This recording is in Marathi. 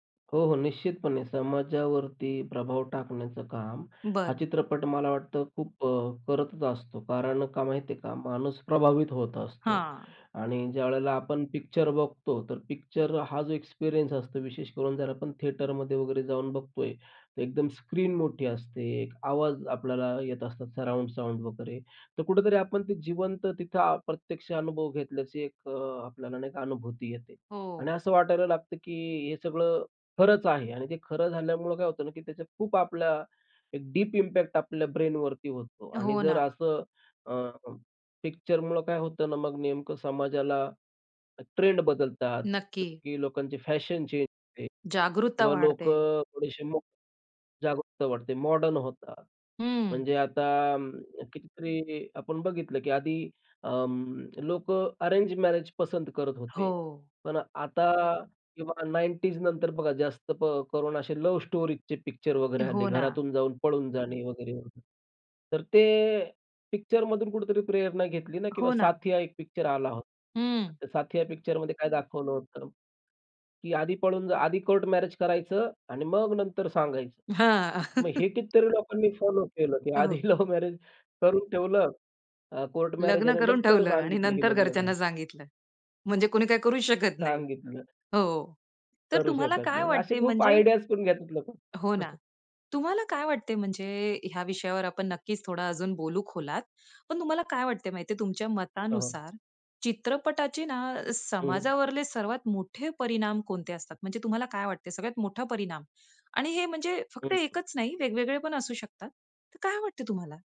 हो, हो, निश्चितपणे समाजावरती प्रभाव टाकण्याचं काम हा बरं. चित्रपट मला वाटतं खूप अ, करतच असतो. कारण का माहिती आहे का, माणूस प्रभावित होत असतो हां. आणि ज्यावेळेला आपण पिक्चर बघतो, तर पिक्चर हा जो एक्सपिरियन्स असतो, विशेष करून जर आपण थिएटरमध्ये वगैरे जाऊन बघतोय, तर एकदम स्क्रीन मोठी असते. आवाज आपल्याला येत असतात, सराउंड साउंड वगैरे. तर कुठेतरी आपण ते जिवंत, तिथं प्रत्यक्ष अनुभव घेतल्याची एक अ, आपल्याला नाही का अनुभूती येते. आणि हो. असं वाटायला लागतं, की हे सगळं खरंच आहे आणि ते खरं झाल्यामुळं काय होतं ना की त्या खूप आपल्या, एक डीप इम्पॅक्ट आपल्या ब्रेनवरती होतो. आणि हो, जर ना. असं अ पिक्चरमुळे काय होतं ना, मग नेमकं समाजाला ट्रेंड बदलतात, जसं नक्की. की लोकांची फॅशन चेंज होते जागरुकता किंवा वाढते. लोकं थोडेसे [unintelligible] जागरूकता वाढते, मॉडर्न होतात. हं. म्हणजे आता कितीतरी आपण बघितलं, की आधी अ, लोकं अरेंज मॅरेज पसंत करत होते. हो. पण आता '90ज नंतर बघा, जास्त करून असे लव्ह स्टोरीजचे पिक्चर वगैरे हो आले. ना. घरातून जाऊन पळून जाणे वगैरे, वगैरे. तर ते पिक्चरमधून कुठेतरी प्रेरणा घेतली ना किंवा हो ना. साथिया एक पिक्चर आला होता. हं. तर साथिया पिक्चर मध्ये काय दाखवलं होतं? की आधी पळून जा, आधी कोर्ट मॅरेज करायचं आणि मग नंतर सांगायचं. हां. मग हे कितीतरी लोकांनी फॉलो केलं, की हो. आधी लव्ह मॅरेज करून ठेवलं. अ, कोर्ट मॅरेज आहे. लग्न आणि करून नंतर ठेवलं आणि सांगितलं, की नंतर लग्न झालं. घरच्यांना सांगितलं, म्हणजे कुणी काय करू शकत नाही. सांगितलं. हो. तर करू तुम्हाला शकत काय नाही. असे वाटते खूप म्हणजे आयडियाज करून घेतात लोकं. हो ना. तुम्हाला काय वाटते म्हणजे, ह्या विषयावर आपण नक्कीच थोडा अजून बोलू खोलात. पण तुम्हाला काय वाटतंय माहितीये, तुमच्या हो, हो. मतानुसार चित्रपटाचे ना हं. समाजावरले सर्वात मोठे परिणाम कोणते असतात? म्हणजे तुम्हाला काय वाटतंय, सगळ्यात मोठा परिणाम आणि हे म्हणजे हं, फक्त हं. एकच नाही वेगवेगळे पण असू शकतात. तर काय वाटतंय तुम्हाला?